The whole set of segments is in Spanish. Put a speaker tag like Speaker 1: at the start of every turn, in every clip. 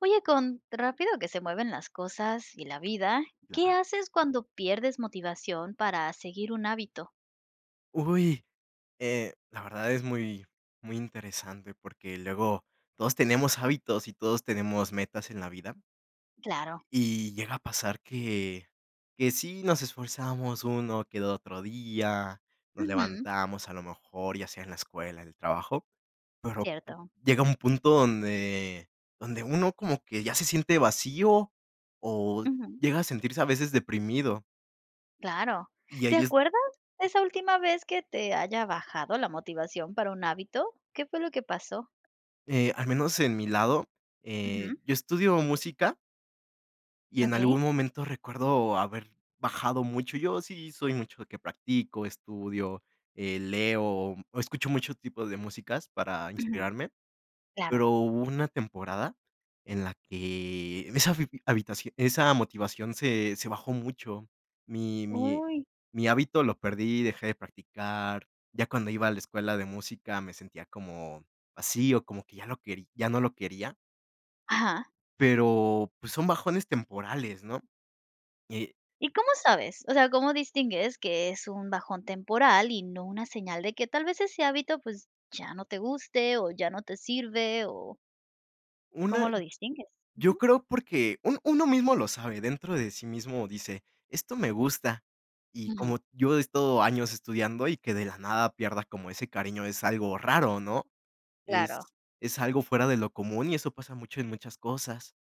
Speaker 1: Oye, con rápido que se mueven las cosas y la vida, ¿qué
Speaker 2: Claro.
Speaker 1: haces cuando pierdes motivación para seguir un hábito?
Speaker 2: Uy, eh, la verdad es muy muy interesante, porque luego, todos tenemos hábitos y todos tenemos metas en la vida
Speaker 1: Claro.
Speaker 2: y llega a pasar que que sí, nos esforzábamos, uno que otro día, nos
Speaker 1: Ujú.
Speaker 2: levantamos a lo mejor, ya sea en la escuela, en el trabajo, pero,
Speaker 1: Cierto.
Speaker 2: llega un punto donde donde uno como que ya se siente vacío, o
Speaker 1: Ujú.
Speaker 2: llega a sentirse a veces deprimido
Speaker 1: Claro,
Speaker 2: y
Speaker 1: ¿te
Speaker 2: ahí es.
Speaker 1: acuerdas, esa última vez que te haya bajado la motivación para un hábito?, ¿qué fue lo que pasó?
Speaker 2: Eh, al menos en mi lado, eh,
Speaker 1: Ujú.
Speaker 2: yo estudio música y en
Speaker 1: Okey.
Speaker 2: algún momento recuerdo haber bajado mucho, yo sí soy mucho de que practico, estudio, eh, leo, escucho mucho tipo de músicas para
Speaker 1: Ujú,
Speaker 2: inspirarme,
Speaker 1: claro.
Speaker 2: pero hubo una temporada en la que esa habi habitación esa motivación se se bajó mucho, mi mi
Speaker 1: Uy.
Speaker 2: mi hábito lo perdí, dejé de practicar, ya cuando iba a la escuela de música me sentía como vacío, como que ya lo querí ya no lo quería.
Speaker 1: Ajá.
Speaker 2: Pero pues son bajones temporales, ¿no? Eh
Speaker 1: ¿Y cómo sabes? O sea, cómo distingues que es un bajón temporal y no una señal de que tal vez ese hábito, pues ya no te guste o ya no te sirve o ¿cómo
Speaker 2: Una.
Speaker 1: lo distingues?
Speaker 2: Yo
Speaker 1: Ujú.
Speaker 2: creo porque un uno mismo lo sabe dentro de sí mismo dice: "Esto me gusta". Y
Speaker 1: Ajá.
Speaker 2: como yo he estado años estudiando y que de la nada pierdas como ese cariño es algo raro ¿no?, es
Speaker 1: Claro.
Speaker 2: es algo fuera de lo común y eso pasa mucho en muchas cosas,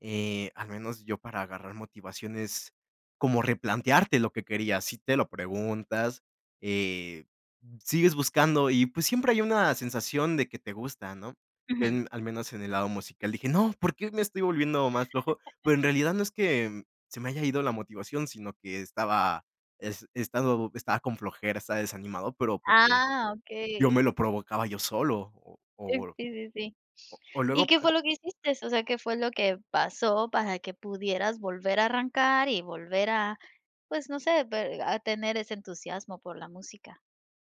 Speaker 2: eh, al menos yo para agarrar motivaciones como replantearte lo que quería. Si te lo preguntas, eh, sigues buscando y pues siempre hay una sensación de que te gusta, ¿no?,
Speaker 1: Ujú.
Speaker 2: en al menos en el lado musical. Dije: "No, ¿por qué me estoy volviendo más flojo?". Pero en realidad no es que se me haya ido la motivación, sino que estaba es estado estaba con flojera, estaba desanimado, pero porque
Speaker 1: Ah,
Speaker 2: yo
Speaker 1: okey.
Speaker 2: me lo provocaba yo solo o o
Speaker 1: Sí,
Speaker 2: uel
Speaker 1: sí, sí.
Speaker 2: o
Speaker 1: ¿Y
Speaker 2: luego
Speaker 1: qué
Speaker 2: pa
Speaker 1: fue lo que hiciste? O sea, ¿qué fue lo que pasó para que pudieras volver a arrancar y volver a pues no sé, ve a tener ese entusiasmo por la música.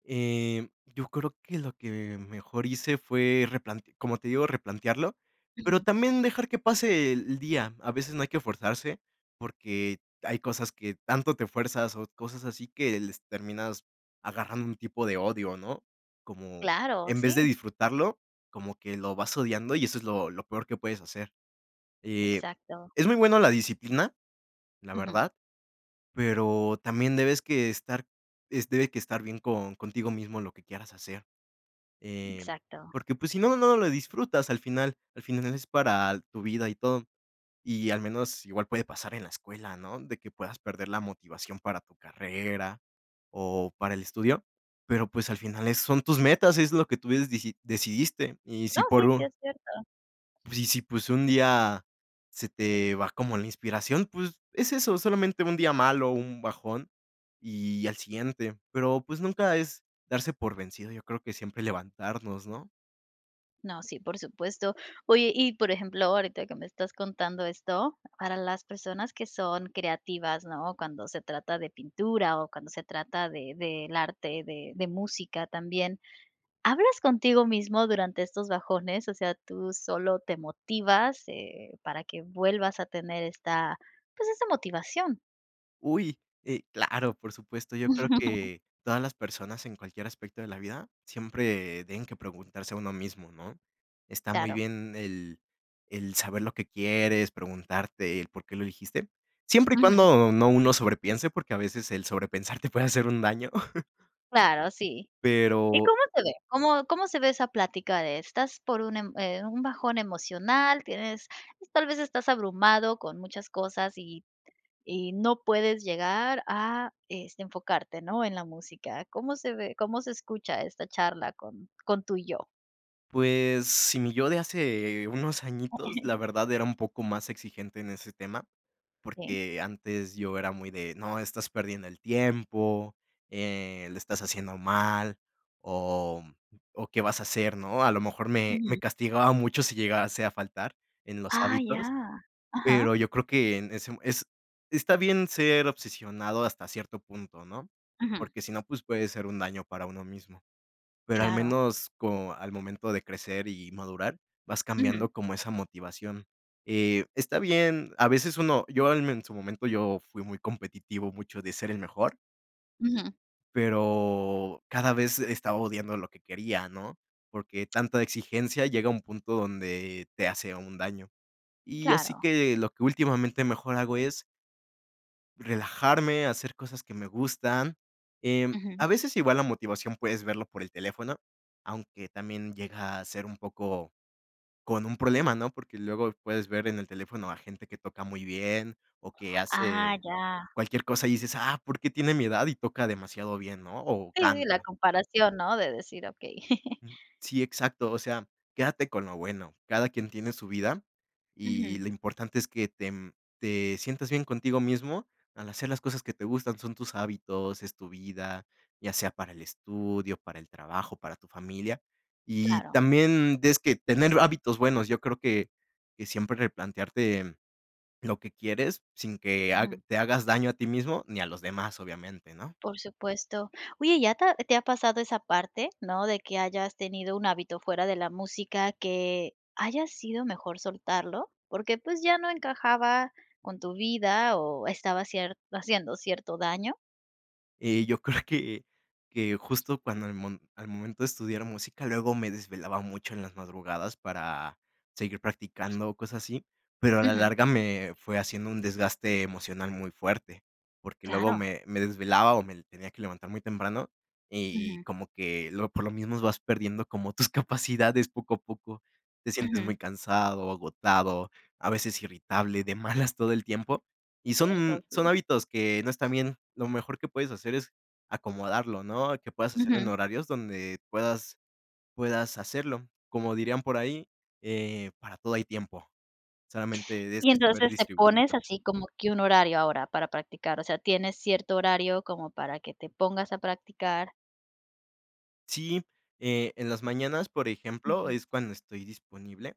Speaker 2: Em, yo creo que lo que mejor hice fue replante como te digo, replantearlo, pero
Speaker 1: Ujú.
Speaker 2: también dejar que pase e el día, a veces no hay que forzarse, porque hay cosas que tanto te fuerzas, o cosas así que les terminas agarrando un tipo de odio, ¿no? Como
Speaker 1: Claro,
Speaker 2: en vez de
Speaker 1: sí.
Speaker 2: disfrutarlo como que lo vas odiando. Y eso es lo lo peor que puedes hacer. Eh,
Speaker 1: Exacto.
Speaker 2: es muy buena la disciplina, la
Speaker 1: Ujú.
Speaker 2: verdad, pero también debes que estar es debe que estar bien con contigo mismo en lo que quieras hacer. Eh,
Speaker 1: Exacto.
Speaker 2: porque, pues, si no, no lo disfrutas al final al final es para tu vida y todo, y al menos igual puede pasar en la escuela, ¿no?, de que puedas perder la motivación para tu carrera o para el estudio, pero, pues, al final, eh, son tus metas, es lo que tú des diji decidiste, y si
Speaker 1: No,
Speaker 2: por
Speaker 1: sí, sí,
Speaker 2: un
Speaker 1: es cierto.
Speaker 2: Sí, sí, pues, un día se te va como la inspiración, pues, es eso solamente un día malo, un bajón, y al siguiente, pero pues, nunca es darse por vencido, yo creo que siempre levantarnos, ¿no?
Speaker 1: No, sí, por supuesto. Oye, y por ejemplo, ahorita que me estás contando esto. Para las personas que son creativas, ¿no?, cuando se trata de pintura o cuando se trata de del arte, de de música, también, ¿hablas contigo mismo durante estos bajones, o sea, tú solo, te motivas, eh, para que vuelvas a tener esta, pues esa motivación?
Speaker 2: Uy, eh, claro, por supuesto. Yo creo que, todas las personas, en cualquier aspecto de la vida, siempre tienen que preguntarse a uno mismo, ¿no? Está muy
Speaker 1: Claro.
Speaker 2: bien el el saber lo que quieres, preguntarte el por qué lo elegiste, siempre y
Speaker 1: Ujú.
Speaker 2: cuando no, uno sobrepiense porque, a veces, el sobrepensar te puede hacer un daño.
Speaker 1: Claro, sí, ¿y
Speaker 2: Pero.
Speaker 1: cómo se ve? ¿Cómo cómo se ve esa plática de estás por un, em, un bajón emocional, tienes, pues, tal vez estás abrumado con muchas cosas y y no puedes llegar a, este, enfocarte, no?, en la música, ¿cómo se ve, cómo se escucha esta charla con con tu yo?
Speaker 2: Pues, sí, mi yo de hace unos añitos, la verdad, era un poco más exigente en ese tema,
Speaker 1: Sí.
Speaker 2: porque antes yo era muy de: "No, estás perdiendo el tiempo, eh, lo estás haciendo mal o, mm, o ¿qué vas a hacer?", ¿no? A lo mejor, me me
Speaker 1: Ujú.
Speaker 2: castigaba mucho si llegase a faltar en los
Speaker 1: Ah, ya.
Speaker 2: hábitos,
Speaker 1: Ajá.
Speaker 2: pero yo creo que en ese es está bien ser obsesionado, hasta cierto punto, ¿no?
Speaker 1: Ujú.
Speaker 2: Porque si no, pues, puede ser un daño para uno mismo. Pero al
Speaker 1: Claro.
Speaker 2: menos co al momento de crecer y madurar vas
Speaker 1: Ujú.
Speaker 2: cambiando como esa motivación, eh, está bien, a veces uno yo, al men en su momento yo fui muy competitivo, mucho de ser el mejor. Y
Speaker 1: Ujú.
Speaker 2: pero cada vez estaba odiando lo que quería, ¿no?, porque tanta exigencia llega a un punto donde te hace un daño. Y, así
Speaker 1: Claro.
Speaker 2: que, lo que últimamente mejor hago es. Relajarme, hacer cosas que me gustan, em, a
Speaker 1: Ujú.
Speaker 2: veces igual la motivación puedes verlo por el teléfono, aunque también llega a ser un poco con un problema, ¿no?, porque luego puedes ver en el teléfono a gente que toca muy bien o que
Speaker 1: Ah,
Speaker 2: hace
Speaker 1: ya.
Speaker 2: cualquier cosa y dices: "Ah, ¿por qué tiene mi edad y toca demasiado bien, no?, o
Speaker 1: Sí, sí, la
Speaker 2: canta".
Speaker 1: comparación, ¿no?, de decir: "Okey".
Speaker 2: Ujú, sí, exacto. O sea, quédate con lo bueno, cada quien tiene su vida y
Speaker 1: Ujú.
Speaker 2: lo importante es que te, mm, te sientas bien contigo mismo al hacer las cosas que te gustan, son tus hábitos, es tu vida, ya sea para el estudio, para el trabajo, para tu familia. Y
Speaker 1: Claro.
Speaker 2: también des que tener hábitos buenos. Yo creo que que siempre replantearte lo que quieres sin que hag
Speaker 1: Ujú.
Speaker 2: te hagas daño a ti mismo ni a los demás, obviamente, ¿no?
Speaker 1: Por supuesto. Oye, ¿ya te ha te ha pasado esa parte, no, de que hayas tenido un hábito fuera de la música que haya sido mejor soltarlo porque pues ya no encajaba con tu vida o estaba cier haciendo cierto daño?
Speaker 2: Eh, yo creo que que, justo cuando al mo al momento de estudiar música, luego me desvelaba mucho en las madrugadas, para seguir practicando, o cosas así. Pero, a la
Speaker 1: Ujú.
Speaker 2: larga, me fue haciendo un desgaste emocional, muy fuerte. Porque luego,
Speaker 1: Claro.
Speaker 2: me me desvelaba, o me tenía que levantar muy temprano. Y
Speaker 1: Ujú.
Speaker 2: como que lo por lo mismo, vas perdiendo como tus capacidades, poco a poco. Te sientes
Speaker 1: Ujú.
Speaker 2: muy cansado, agotado, a veces irritable, de malas, todo el tiempo. Y
Speaker 1: Cierto.
Speaker 2: son son
Speaker 1: Sí.
Speaker 2: hábitos, que no están bien. Lo mejor que puedes hacer, es acomodarlo, ¿no? Que puedas hacerlo en
Speaker 1: Ujú.
Speaker 2: horarios, donde puedas puedas hacerlo. Como dirían por ahí, eh: "Para todo hay tiempo". Solamente debes
Speaker 1: Y
Speaker 2: saber
Speaker 1: entonces, te pones
Speaker 2: distribuirlo.
Speaker 1: así, como que un horario ahora, para practicar. O sea, tienes cierto horario, como para que te pongas a practicar.
Speaker 2: Sí. Eh, en las mañanas, por ejemplo,
Speaker 1: Ujú.
Speaker 2: es cuando estoy disponible.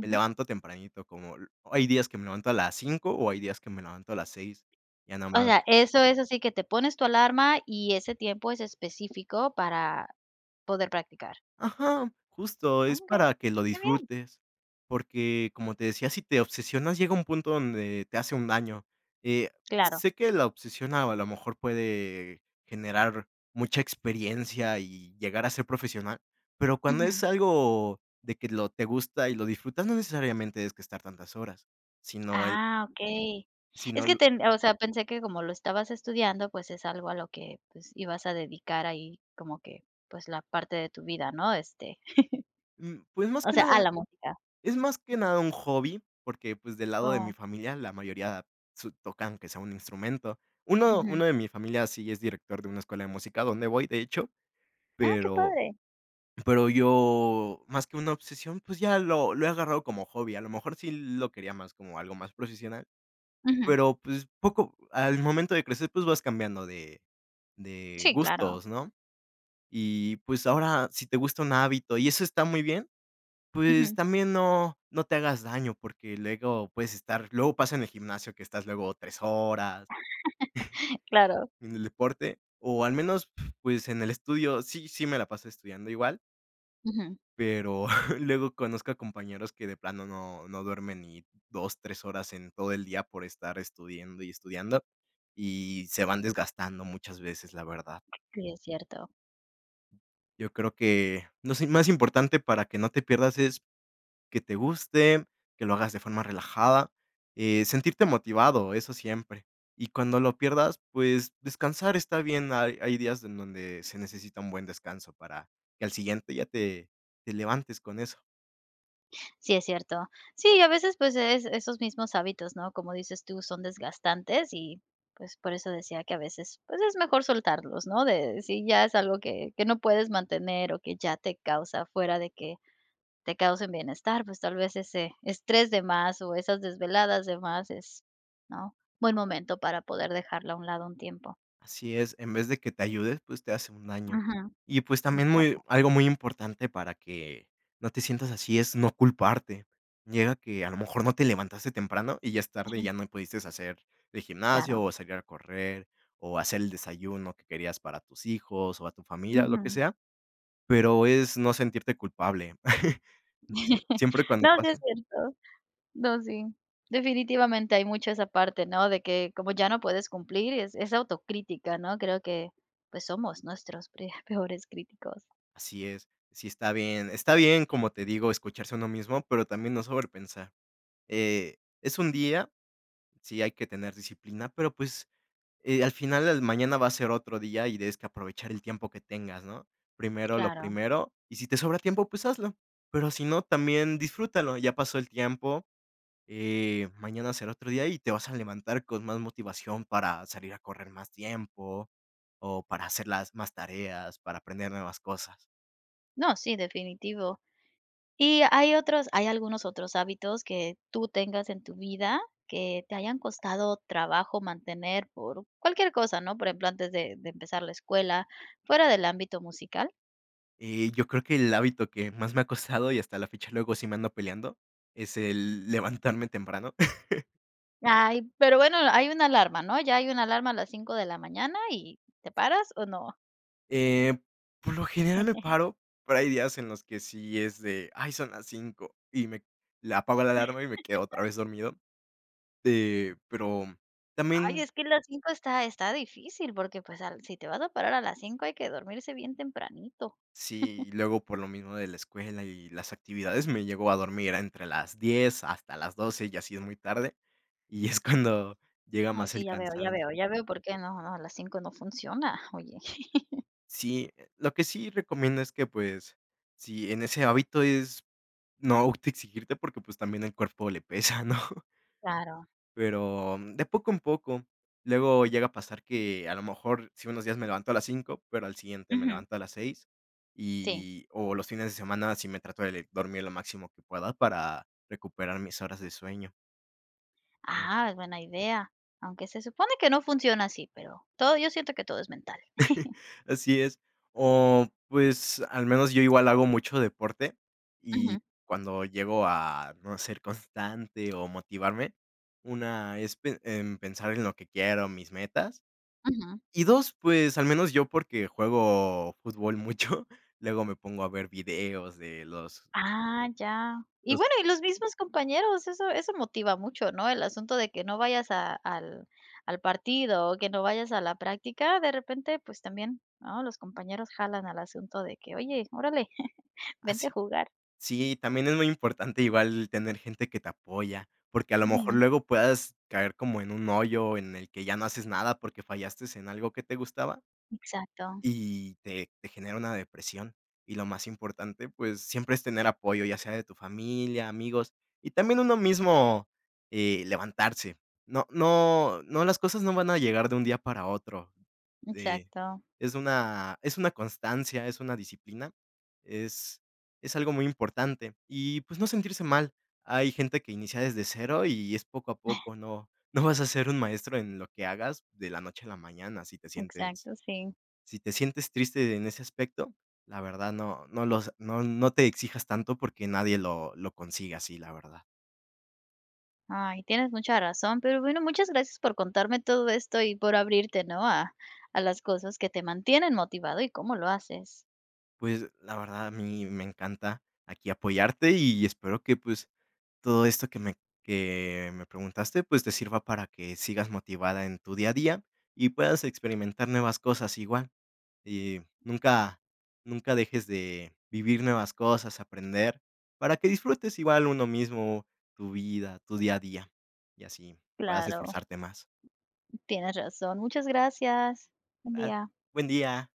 Speaker 2: Me levanto tempranito. Como l Hay días que me levanto a las 5:00, o hay días, que me levanto a las 6:00. Ya nada
Speaker 1: O
Speaker 2: más.
Speaker 1: sea, eso es así, que te pones tu alarma, y ese tiempo es específico, para poder practicar.
Speaker 2: Ajá. Justo, es
Speaker 1: Okey,
Speaker 2: para que lo
Speaker 1: qué bien.
Speaker 2: disfrutes. Porque, como te decía, si te obsesionas, llega un punto, donde te hace un daño. Eh,
Speaker 1: Claro.
Speaker 2: sé que la obsesión, a lo mejor, puede generar mucha experiencia, y llegar a ser profesional. Pero cuando es
Speaker 1: Ujú.
Speaker 2: algo, de que lo te gusta y lo disfrutas, no necesariamente, tienes que estar tantas horas. Sino el
Speaker 1: Ah, okey.
Speaker 2: si no
Speaker 1: Es que
Speaker 2: l
Speaker 1: ten O sea, pensé que, como lo estabas estudiando, pues es algo a lo que, pues, ibas a dedicar ahí, como que, pues, la parte de tu vida, ¿no? Este,
Speaker 2: Mm, pues más
Speaker 1: o
Speaker 2: que
Speaker 1: sea, a
Speaker 2: nada.
Speaker 1: la música.
Speaker 2: Es más que nada, un hobby. Porque pues, del lado de mi
Speaker 1: Oh.
Speaker 2: familia, la mayoría su tocan, aunque sea un instrumento. Uno
Speaker 1: Ujú.
Speaker 2: uno de mi familia, sí es director de una escuela de música, donde voy, de hecho.
Speaker 1: Ah, qué
Speaker 2: Pero
Speaker 1: padre.
Speaker 2: pero yo, más que una obsesión, pues ya lo lo he agarrado como hobby. A lo mejor, sí lo quería más como algo más profesional,
Speaker 1: Ujú.
Speaker 2: pero pues, poco Al momento de crecer, pues vas cambiando de de
Speaker 1: Sí, claro.
Speaker 2: gustos, ¿no? Y pues, ahora, si te gusta un hábito, y eso está muy bien, pues,
Speaker 1: Ujú.
Speaker 2: también no no te hagas daño, porque luego puedes estar Luego, pasa en el gimnasio, que estás luego, 3 horas.
Speaker 1: Claro.
Speaker 2: En el deporte, o al menos, p-pues, en el estudio. Sí, sí, me la paso estudiando, igual.
Speaker 1: Ujú.
Speaker 2: Pero, luego conozco a compañeros que de plano no no duermen ni 2, 3 horas en todo el día por estar estudiando y estudiando, y se van desgastando muchas veces, la verdad.
Speaker 1: Sí, es cierto.
Speaker 2: Yo creo que, no sé, es más importante para que no te pierdas es que te guste, que lo hagas de forma relajada, eh, sentirte motivado, eso siempre y cuando lo pierdas, pues, descansar está bien. Hay hay días en donde se necesita un buen descanso para que al siguiente ya te te levantes con eso.
Speaker 1: Sí, es cierto. Sí, y a veces, pues es, esos mismos hábitos, ¿no? Como dices tú, son desgastantes y pues, por eso decía que a veces, pues es mejor soltarlos, ¿no?, de si ya es algo que que no puedes mantener o que ya te causa fuera de que te causen bienestar, pues tal vez, ese estrés de más o esas desveladas de más es, ¿no?, buen momento para poder dejarlo a un lado un tiempo.
Speaker 2: Así es, en vez de que te ayude, pues te hace un daño,
Speaker 1: Ujú.
Speaker 2: y pues también, muy
Speaker 1: Exacto.
Speaker 2: algo muy importante para que no te sientas así es no culparte. Llega que a lo mejor no te levantaste temprano y ya es tarde
Speaker 1: Ujú.
Speaker 2: ya no pudiste hacer de gimnasio
Speaker 1: Claro.
Speaker 2: o salir a correr o hacer el desayuno que querías para tus hijos o a tu familia o lo que
Speaker 1: Ujú.
Speaker 2: sea, pero es no sentirte culpable. Uh, siem siempre cuando
Speaker 1: No, sí
Speaker 2: pase
Speaker 1: es cierto. No, sí, definitivamente hay mucho esa parte, ¿no?, de que como ya no puedes cumplir es es autocrítica, ¿no?, creo que pues, somos nuestros pre peores críticos.
Speaker 2: Así es. Sí, está bien está bien, como te digo, escucharse uno mismo, pero también no sobrepensar, eh, es un día. Sí hay que tener disciplina, pero pues, eh, al final al mañana va a ser otro día y tienes que aprovechar el tiempo que tengas ¿no? Primero lo
Speaker 1: Claro.
Speaker 2: primero. Y si te sobra tiempo, pues hazlo. Pero si no, también disfrútalo. Ya pasó el tiempo, eh, mañana será otro día y te vas a levantar con más motivación para salir a correr más tiempo, o para hacer las más tareas para aprender nuevas cosas.
Speaker 1: No, sí, definitivo, ¿y hay otros?, ¿hay algunos otros hábitos que tú tengas en tu vida que te hayan costado trabajo mantener por cualquier cosa, ¿no?, por ejemplo, antes de de empezar la escuela fuera del ámbito musical?
Speaker 2: Y, yo creo que el hábito que más me ha costado y hasta la fecha, luego sí me ando peleando, es el levantarme temprano.
Speaker 1: Ay, pero bueno, hay una alarma, ¿no?, ya hay una alarma a las 5 de la mañana y ¿te paras, o no?
Speaker 2: Eh, por lo general me paro, pero hay días en los que sí es de: "Ay, son las 5", y me la apago la alarma, y me quedo otra vez dormido, eh, pero
Speaker 1: Ay,
Speaker 2: también.
Speaker 1: es que a las 5 está está difícil porque, pues, al si te vas a parar a las 5 hay que dormirse bien tempranito.
Speaker 2: Sí, luego por lo mismo de la escuela, y las actividades me llegó a dormir entre las 10 hasta las 12, ya si, es muy tarde, y es cuando llega
Speaker 1: No,
Speaker 2: más
Speaker 1: sí,
Speaker 2: el
Speaker 1: ya veo, ya
Speaker 2: cansancio.
Speaker 1: veo, ya veo, por qué no, no, a las 5 no funciona, oye.
Speaker 2: Sí, lo que sí recomiendo es que, pues, sí en ese hábito es, no autoexigirte porque, pues, también el cuerpo le pesa, ¿no?
Speaker 1: Claro.
Speaker 2: Pero, mm, de poco en poco, luego llega a pasar que, a lo mejor, sí unos días, me levanto a las 5, pero al siguiente me
Speaker 1: Ujú.
Speaker 2: levanto a las 6 y
Speaker 1: Sí.
Speaker 2: y o los fines de semana si me trato de le dormir lo máximo que pueda para recuperar mis horas de sueño.
Speaker 1: Ah, es buena idea, aunque se supone que no funciona así, pero todo yo siento que todo es mental.
Speaker 2: Así es. O pues, al menos yo igual hago mucho deporte, y
Speaker 1: Ujú.
Speaker 2: cuando llego a no ser constante, o motivarme, una es pe em, pensar en lo que quiero mis metas.
Speaker 1: Ujú.
Speaker 2: Y dos, pues, al menos yo, porque juego fútbol mucho, luego me pongo a ver videos de los
Speaker 1: Ah, ya, y
Speaker 2: los
Speaker 1: bueno, y los mismos compañeros, eso eso motiva mucho, ¿no?, el asunto de que no vayas a al al partido, o que no vayas a la práctica de repente, pues, también, ¿no?, los compañeros jalan al asunto de que: "Oye, órale,
Speaker 2: Ah,
Speaker 1: vente a
Speaker 2: sí.
Speaker 1: jugar".
Speaker 2: Sí, también es muy importante igual tener gente que te apoya, porque a lo mejor
Speaker 1: Ujú.
Speaker 2: luego puedas caer como en un hoyo en el que ya no haces nada porque fallaste en algo que te gustaba
Speaker 1: Exacto.
Speaker 2: y te te genera una depresión. Y lo más importante, pues siempre es tener apoyo, ya sea de tu familia, amigos y también uno mismo, eh, levantarse. No no no las cosas no van a llegar de un día para otro, eh,
Speaker 1: Exacto.
Speaker 2: es una es una constancia, es una disciplina, es es algo muy importante, y pues, no sentirse mal. Hay gente que inicia desde cero y es poco a poco. No no vas a ser un maestro en lo que hagas de la noche a la mañana. Si te sientes
Speaker 1: Exacto, sí.
Speaker 2: si te sientes triste en ese aspecto, la verdad no no lo no no te exijas tanto porque nadie lo lo consigue así, la verdad.
Speaker 1: Ay, tienes mucha razón, pero bueno, muchas gracias por contarme todo esto y por abrirte, ¿no?, a a las cosas que te mantienen motivado y cómo lo haces.
Speaker 2: Pues, la verdad, a mí me encanta aquí apoyarte, y espero que, pues, todo esto que me que me preguntaste, pues te sirva para que sigas motivada en tu día a día y puedas experimentar nuevas cosas igual. Y nunca nunca dejes de vivir nuevas cosas, aprender para que disfrutes igual uno mismo tu vida, tu día a día, y así puedas
Speaker 1: Claro.
Speaker 2: esforzarte más.
Speaker 1: Tienes razón, muchas gracias. Buen
Speaker 2: Ah,
Speaker 1: día.
Speaker 2: buen día.